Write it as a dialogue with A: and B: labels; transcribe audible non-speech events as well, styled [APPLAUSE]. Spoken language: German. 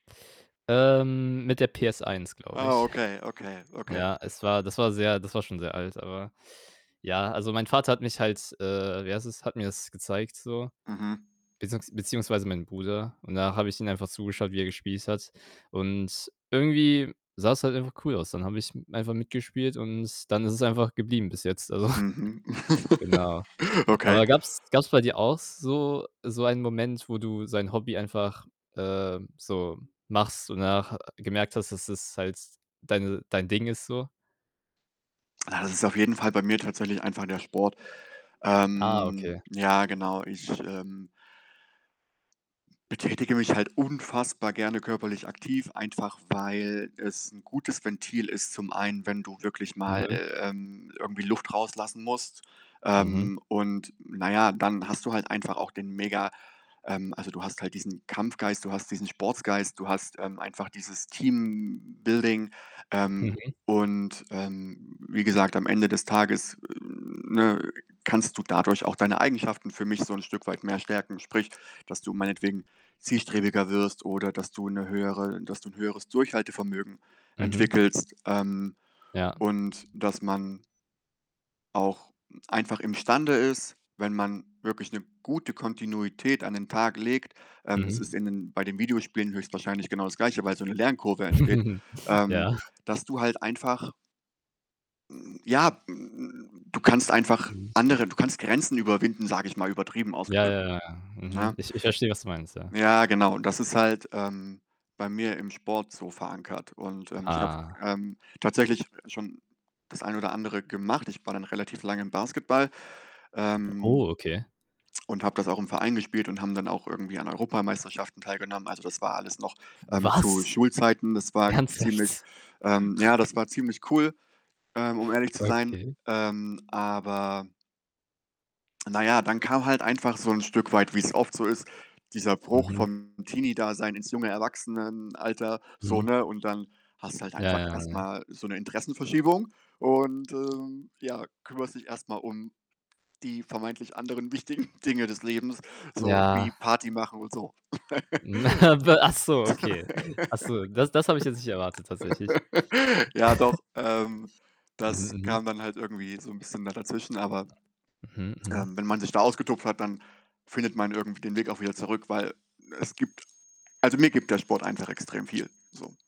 A: Ähm, mit der PS1, glaube
B: Oh,
A: ich.
B: okay, okay,
A: [SNORTS]
B: okay.
A: Ja, es war das war sehr das war schon sehr alt, aber ja, also, mein Vater hat mich halt, äh wie heißt es, hat mir das gezeigt so,
B: Mhm.
A: beziehungs beziehungsweise meinen Bruder und da habe ich ihm einfach zugeschaut, wie er gespielt hat, und irgendwie sah's halt einfach cool aus. Dann habe ich einfach mitgespielt und s dann ist es einfach geblieben bis jetzt. Also [SNORTS]
B: Mhm.
A: genau.
B: [LAUGHS] Okay.
A: Aber gab's gab's bei dir auch so so einen Moment, wo du so ein Hobby einfach, ähm, so machst und danach ha gemerkt hast, dass es halt deine dein Ding ist so?
B: Ja, das ist auf jeden Fall bei mir tatsächlich einfach der Sport.
A: Ah,
B: Ähm,
A: okay.
B: ja genau, ich, ähm betätige mich halt unfassbar gerne körperlich aktiv, einfach weil es 'n gutes Ventil ist zum einen, wenn du wirklich mal,
A: Mhm.
B: äh, ähm, irgendwie Luft rauslassen musst.
A: Mhm.
B: Ähm, und na ja, dann hast du halt einfach auch den mega ähm, also, du hast halt diesen Kampfgeist, du hast diesen Sportsgeist, du hast, ähm, einfach dieses Teambuilding, ähm,
A: Mhm.
B: und, ähm, wie gesagt, am Ende des Tages, ne, kannst du dadurch auch deine Eigenschaften für mich so 'n Stück weit mehr stärken. Sprich, dass du meinetwegen zielstrebiger wirst oder dass du 'ne höhere dass du 'n höheres Durchhaltevermögen
A: Mhm.
B: entwickelst, ähm,
A: Ja.
B: und dass man auch einfach imstande ist, wenn man wirklich 'ne gute Kontinuität an den Tag legt ähm, es
A: Mhm.
B: ist in den bei den Videospielen höchstwahrscheinlich genau das Gleiche, weil so 'ne Lernkurve entsteht,
A: [CHUCKLES]
B: ähm,
A: Ja. [SNORTS]
B: dass du halt einfach, Hm, ja, hm, du kannst einfach
A: Mhm.
B: andere du kannst Grenzen überwinden, sage ich mal übertrieben
A: Ja,
B: ausgedrückt,
A: ja, ja, ja. Mhm.
B: ne?
A: Ich ich verstehe, was du meinst, ja.
B: Ja genau, das ist halt, ähm, bei mir im Sport so verankert und, ähm, ich habe,
A: Ah.
B: ähm, tatsächlich schon das ein oder andere gemacht. Ich war dann relativ lang im Basketball, ähm,
A: Oh, okay.
B: [TSK] und habe das auch im Verein gespielt und haben dann auch irgendwie an Europameisterschaften teilgenommen. Also, das war alles noch, ähm, zu
A: Was?
B: Schulzeiten. Das war ziemlich
A: Ernsthaft?
B: ähm
A: [SNORTS]
B: ja, das war ziemlich cool, ähm, um ehrlich zu sein.
A: Okay.
B: Ähm, aber na ja, dann kam halt einfach so 'n Stück weit, wie's oft so ist, dieser Bruch
A: Mhm.
B: vom Teenie-Dasein ins junge Erwachsenenalter so,
A: Mhm.
B: ne, und dann hast du halt
A: Ja,
B: einfach
A: ja,
B: erst
A: ja.
B: mal so 'ne Interessenverschiebung und, ähm, ja, kümmerst dich erst mal um die vermeintlich anderen wichtigen Dinge des Lebens, so wie
A: Ja.
B: Party machen und so.
A: [CHUCKLES] Wa ach so, okay. Ach so, das das habe ich jetzt nicht erwartet tatsächlich.
B: [LAUGHS] Ja doch, ähm,
A: [CHUCKLES] Mhm,
B: das
A: mhm.
B: kam dann halt irgendwie so 'n bisschen da dazwischen, [TSK] aber,
A: Mhm, mhm.
B: ähm, wenn man sich da ausgetobt hat, dann findet man irgendwie den Weg auch wieder zurück, weil es gibt also, mir gibt der Sport einfach extrem viel, so.